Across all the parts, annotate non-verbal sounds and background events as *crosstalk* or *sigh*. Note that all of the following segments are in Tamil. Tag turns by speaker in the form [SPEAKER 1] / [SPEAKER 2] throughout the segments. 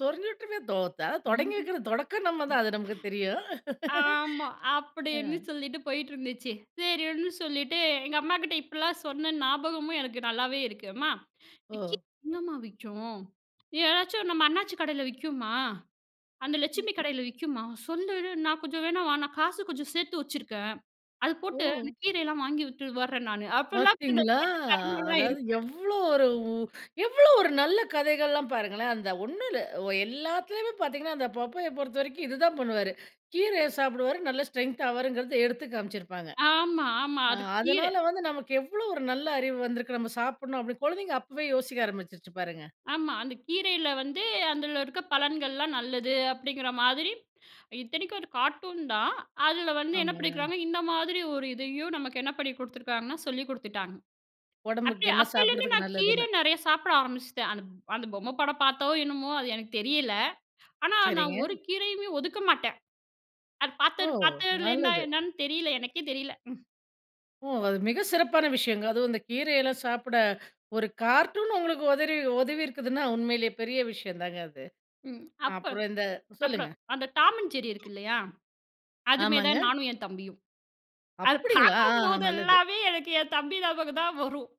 [SPEAKER 1] சொருஞ்சு விட்ருவேன் தோத்தா தொடங்கி
[SPEAKER 2] ம்ஹும்.
[SPEAKER 1] வைக்கிறது தொடக்கம் நம்ம தான்,
[SPEAKER 2] ம்.
[SPEAKER 1] அது நமக்கு தெரியும்.
[SPEAKER 2] ஆமா
[SPEAKER 1] *laughs*
[SPEAKER 2] அப்டின்னு
[SPEAKER 1] அ.
[SPEAKER 2] சொல்லிட்டு போயிட்டிருந்துச்சு சரின்னு சொல்லிட்டு, எங்க அம்மாகிட்ட இப்படிலாம் சொன்னேன் ஞாபகமும் எனக்கு நல்லாவே இருக்கு. அம்மா, விக்கி
[SPEAKER 1] ஓ.
[SPEAKER 2] எங்கம்மா விக்கும்? ஏதாச்சும் நம்ம அண்ணாச்சி கடையில விக்கும்மா? அந்த லட்சுமி கடையில விக்கும்மா? சொல்லிடு நான் கொஞ்சம் வேணா வா நான் காசு கொஞ்சம் சேர்த்து வைச்சுருக்கேன், அது போட்டு அந்த
[SPEAKER 1] ஓ!
[SPEAKER 2] கீரையெல்லாம் வாங்கி விட்டு வர்றேன் நானு அப்டிலாம் *unintelligible*
[SPEAKER 1] பார்த்தீங்களா?
[SPEAKER 2] கேட்ட தருணம்லாம்
[SPEAKER 1] அதாவது
[SPEAKER 2] இருக்கு.
[SPEAKER 1] எவ்ளோ ஒரு எவ்ளோ ஒரு நல்ல கதைகள்லாம் பாருங்களேன். அந்த ஒண்ணு இல்ல ஒ எல்லாத்துலயுமே பார்த்தீங்கனா, அந்த பப்பய பொறுத்தவரைக்கும் இது தான் பண்ணுவாரு. கீரைய சாப்பிடுவாரு நல்ல ஸ்ட்ரென்த் ஆவாருங்கிறது எடுத்து காமிச்சிருப்பாங்க.
[SPEAKER 2] ஆமா, ஆமா,
[SPEAKER 1] ஆ,
[SPEAKER 2] அது கீர.
[SPEAKER 1] அதனால வந்து நமக்கு எவ்ளோ ஒரு நல்ல அறிவு வந்திருக்கு நம்ம சாப்பிணும் அப்டின் குழந்தைங்க அப்பவே யோசிக்க ஆரம்பிச்சிச்சு பாருங்க.
[SPEAKER 2] ஆமா, அந்த கீரையில வந்து அந்தில இருக்க பலன்கள்லாம் நல்லது அப்டிங்கிற மாதிரி, இத்தனைக்கும் ஒரு கார்ட்டூன் தான். அதில வந்து என்ன
[SPEAKER 1] ஆமாங்க.
[SPEAKER 2] பண்ணிக்கிறாங்க, இந்த மாதிரி ஒரு இதையும் நமக்கு என்ன பண்ணி குடுத்துருக்காங்கன்னா, சொல்லி குடுத்துட்டாங்க. அப்ப
[SPEAKER 1] ஒடம்புக்கு, என்ன
[SPEAKER 2] அப்பெளிருந்த்தே நா
[SPEAKER 1] சாப்பிடுறதுக்கு
[SPEAKER 2] கீர
[SPEAKER 1] நல்லதுன்னு.
[SPEAKER 2] நெறைய சாப்பிட ஆரம்பிச்சிட்டேன். அந் அந்த பொம்ம படம் பார்த்தோ? என்னமோ? அது எனக்கு தெரியல, ஆனா நா
[SPEAKER 1] சரிங்க.
[SPEAKER 2] ஒரு கீரையுமே ஒதுக்க மாட்டேன். அது பார்த்த
[SPEAKER 1] ஓ!
[SPEAKER 2] பார்த்ததிலேருந்தா
[SPEAKER 1] நல்லது.
[SPEAKER 2] என்னன்னு தெரியல எனக்கே தெரியல.
[SPEAKER 1] ஓ! அது மிக சிறப்பான விஷயங்க. அதுவும் இந்த கீரையெல்லாம் சாப்பிட ஒரு கார்ட்டூன் உங்களுக்கு உதறி உதவிருக்குன்னா உண்மைலே பெரிய விஷயதாங்க அது.
[SPEAKER 2] ம். அப்போ
[SPEAKER 1] அப்புறம் இந்த சொல்லுங்க.
[SPEAKER 2] அப்புறம், அந்த Tom and Jerry இருக்கு இல்லையா? அதுமே
[SPEAKER 1] ஆமாங்க.
[SPEAKER 2] தான் நானும் என் தம்பியும். அது
[SPEAKER 1] அப்டிங்களா! ஆ, ஆ நல்லது.
[SPEAKER 2] பார்க்கும்போதேல்லாமே எனக்கு என் தம்பி ஞாபகம் தான் வரும்.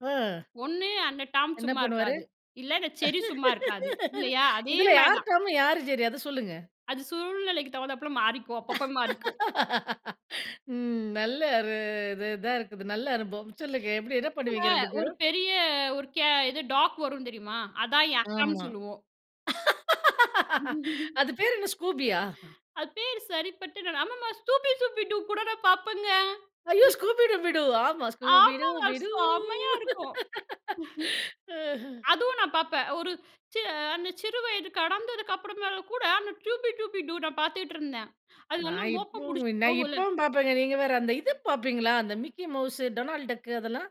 [SPEAKER 1] அ.
[SPEAKER 2] ஒண்ணு அந்த டாம்
[SPEAKER 1] என்ன
[SPEAKER 2] சும்மா
[SPEAKER 1] பண்ணுவாரு?
[SPEAKER 2] இருக்காது, இல்ல இந்த ஜெர்ரி சும்மா இருக்காது.
[SPEAKER 1] *laughs*
[SPEAKER 2] இல்லையா? அதே
[SPEAKER 1] இதில
[SPEAKER 2] மாரி
[SPEAKER 1] யார்
[SPEAKER 2] தான்.
[SPEAKER 1] டாம்? யார் செர்ரி? அத சொல்லுங்க.
[SPEAKER 2] அது சூழ்நிலைக்கு தகுந்தப்பல மாறிக்கும், அப்பப்போ மாறிக்கும்.
[SPEAKER 1] *laughs* ம். நல்ல ஒரு இது இதா இருக்குது நல்ல அனுபவம். சொல்லுங்க, எப்டி என்ன பண்ணுவீங்க 2
[SPEAKER 2] ஒரு
[SPEAKER 1] பேரும்?
[SPEAKER 2] பெரிய ஒரு கே இது டாக் வரும் தெரியுமா? அதான என் அக்கான்னு
[SPEAKER 1] ஆமா.
[SPEAKER 2] சொல்லுவோம்.
[SPEAKER 1] *laughs*
[SPEAKER 2] *laughs*
[SPEAKER 1] அது பேர் என்ன ஸ்கூபியா?
[SPEAKER 2] அது பேரு சரிப்பட்டு அம்மம்மா "ஸ்தூபி சூபி டூ" கூட நான் பாப்பேங்க.
[SPEAKER 1] ஐய்யோ!
[SPEAKER 2] *chuckles*
[SPEAKER 1] ஸ்கூபி டூபி டூ ஆமா ஸ்கூபி
[SPEAKER 2] ஆமாங்க.
[SPEAKER 1] Dooby Doo.
[SPEAKER 2] செம்மையா இருக்கும்.
[SPEAKER 1] *laughs* அஹ.
[SPEAKER 2] *chuckles* அதுவும் நான் பார்ப்பேன். ஒரு ச அந்த சிறு வயது கடந்ததுக்கு அப்புறமேல கூட, அந்த "டியூபி டூபி டூ" நா பார்த்துட்ருந்தேன். அது
[SPEAKER 1] நா
[SPEAKER 2] நல்லா மோப்பம்
[SPEAKER 1] இப்புமே
[SPEAKER 2] புடிச்சுட்டு
[SPEAKER 1] நா
[SPEAKER 2] போகும்ல.
[SPEAKER 1] இப்பவும் பார்ப்பேங்க நீங்க வேற, அந்த இது பார்ப்பீங்களா? அந்த மிக்கி மவுஸ், டொனால்ட் டக் அதெல்லாம்.